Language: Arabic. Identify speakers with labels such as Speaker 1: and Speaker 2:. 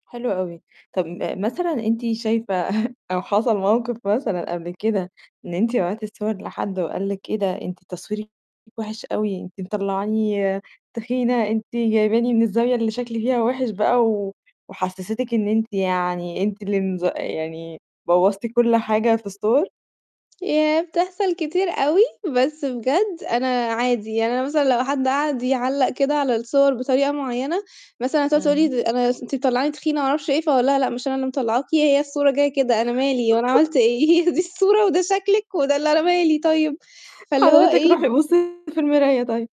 Speaker 1: حلو أوي، طب م مثلًا أنت شايفة أو حصل مَوقف مثلًا قبل كده، إن أنتِ بعتتِ الصور لحد، وقال لِك إيه ده؟ أنتِ تصويرك وِحش أوي، أنتِ مطلعاني تخينة، أنتِ جايباني من الزاوية اللي شكلي فيها وِحش بقى. و وحسستِك إن أنتِ يعني أنتِ اللي مض يعني بوّظتِ كلّ حاجة في الصور؟
Speaker 2: ياه، بتحصل كتير أوي، بس بجد أنا عادي، يعني أنا مثلًا لو حد قعد يعلّق كده على الصور بطريقة معينة، مثلًا تقعد تقول
Speaker 1: إمم.
Speaker 2: لي أنا أنتِ مطلّعاني تخينة، ما أعرفش ايه. فاقول لها: "لأ مش أنا اللي مطلعاكِ، هي الصورة جاية كده أنا مالي؟ وأنا عملت إيه؟ هي دي الصورة وده شكلِك وده اللي أنا مالي طيب؟" فاللي هو
Speaker 1: حضرتِك روحي
Speaker 2: إيه
Speaker 1: بُصّي في المراية طيب.